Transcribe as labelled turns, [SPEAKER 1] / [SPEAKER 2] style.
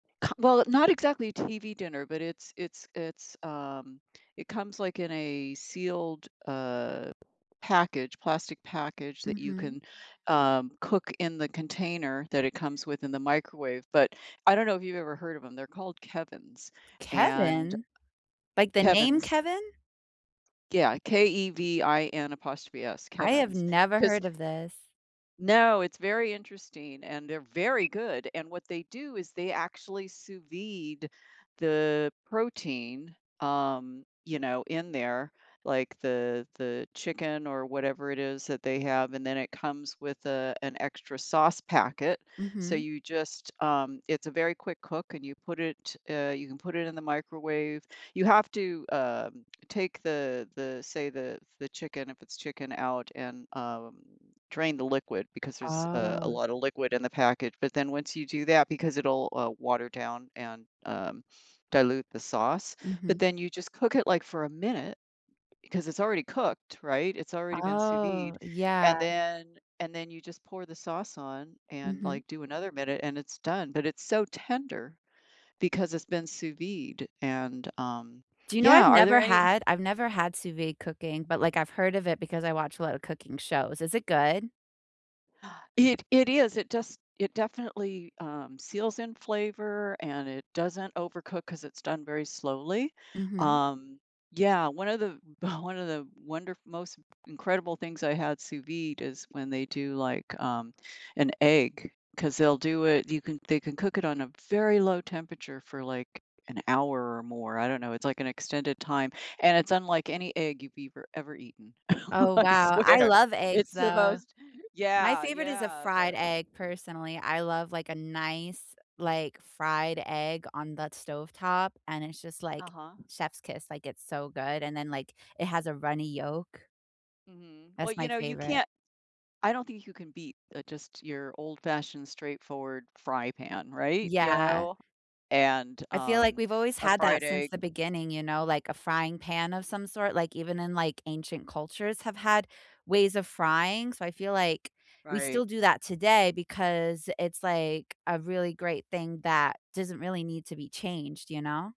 [SPEAKER 1] Come well, not exactly TV dinner, but it's it's it's, um, it comes, like, in a sealed, uh, package plastic package that you
[SPEAKER 2] Mhm.
[SPEAKER 1] can, um, cook in the container that it comes with in the microwave, but I don't know if you've ever heard of 'em, they're called Kevin's and
[SPEAKER 2] Kevin? Like, the name
[SPEAKER 1] Kevin's.
[SPEAKER 2] Kevin?
[SPEAKER 1] Yeah, K-E-V-I-N, apostrophe S,
[SPEAKER 2] I have
[SPEAKER 1] Kevin's.
[SPEAKER 2] never
[SPEAKER 1] 'Cause
[SPEAKER 2] heard of this.
[SPEAKER 1] no, it's very interesting, and they're very good, and what they do is they actually sous vide the protein, um, you know, in there, like, the the chicken or whatever it is that they have, and then it comes with, uh, an extra sauce packet, so
[SPEAKER 2] Mhm.
[SPEAKER 1] you just um, it's a very quick cook, and you put it, uh, you can put it in the microwave, you have to, um, take the the, say, the the chicken, if it's chicken out, and, um, drain the liquid because there's, uh, a
[SPEAKER 2] Oh.
[SPEAKER 1] lotta liquid in the package, but then once you do that because it'll, uh, water down and, um, dilute the sauce, but
[SPEAKER 2] Mhm.
[SPEAKER 1] then you just cook it, like, for a minute 'cause it's already cooked, right? It's already been sous vide,
[SPEAKER 2] Oh,
[SPEAKER 1] and
[SPEAKER 2] yeah.
[SPEAKER 1] then and then you just pour the sauce on and,
[SPEAKER 2] Mhm.
[SPEAKER 1] like, do another minute, and it's done; but it's so tender because it's been sous vide, and, um,
[SPEAKER 2] Do you know I've
[SPEAKER 1] yeah, are
[SPEAKER 2] never
[SPEAKER 1] there any
[SPEAKER 2] had I've never had sous vide cooking, but, like, I've heard of it because I watch a lotta cooking shows, is it good?
[SPEAKER 1] It it is, it just it definitely, um, seals in flavor, and it doesn't overcook 'cause it's done very slowly?
[SPEAKER 2] Mhm.
[SPEAKER 1] Um, yeah, one of the one of the wonder most incredible things I had sous vide is when they do, like, um, an egg 'cause they'll do it you can they can cook it on a very low temperature for, like, an hour or more, I don't know, it's, like, an extended time, and it's unlike any egg you've ever ever eaten.
[SPEAKER 2] Oh,
[SPEAKER 1] I
[SPEAKER 2] wow, I
[SPEAKER 1] swear.
[SPEAKER 2] love eggs,
[SPEAKER 1] It's the
[SPEAKER 2] though.
[SPEAKER 1] most
[SPEAKER 2] My
[SPEAKER 1] yeah,
[SPEAKER 2] favorite is a
[SPEAKER 1] yeah,
[SPEAKER 2] fried
[SPEAKER 1] but
[SPEAKER 2] egg, personally, I love, like, a nice, like, fried egg on the stovetop, and it's just, like,
[SPEAKER 1] Uh-huh.
[SPEAKER 2] chef's kiss, like, it's so good, and then, like, it has a runny yolk.
[SPEAKER 1] Mhm, well,
[SPEAKER 2] That's
[SPEAKER 1] you
[SPEAKER 2] my
[SPEAKER 1] know, you
[SPEAKER 2] favorite.
[SPEAKER 1] can't I don't think you can beat uh, just your old fashioned straightforward fry pan, right? You
[SPEAKER 2] Yeah.
[SPEAKER 1] know? And,
[SPEAKER 2] I feel, like,
[SPEAKER 1] um,
[SPEAKER 2] we've always
[SPEAKER 1] a
[SPEAKER 2] had that
[SPEAKER 1] fried
[SPEAKER 2] since the
[SPEAKER 1] egg.
[SPEAKER 2] beginning, you know, like, a frying pan of some sort, like, even in, like, ancient cultures have had ways of frying? So, I feel, like, we
[SPEAKER 1] Right.
[SPEAKER 2] still do that today because it's, like, a really great thing that doesn't really need to be changed, you know?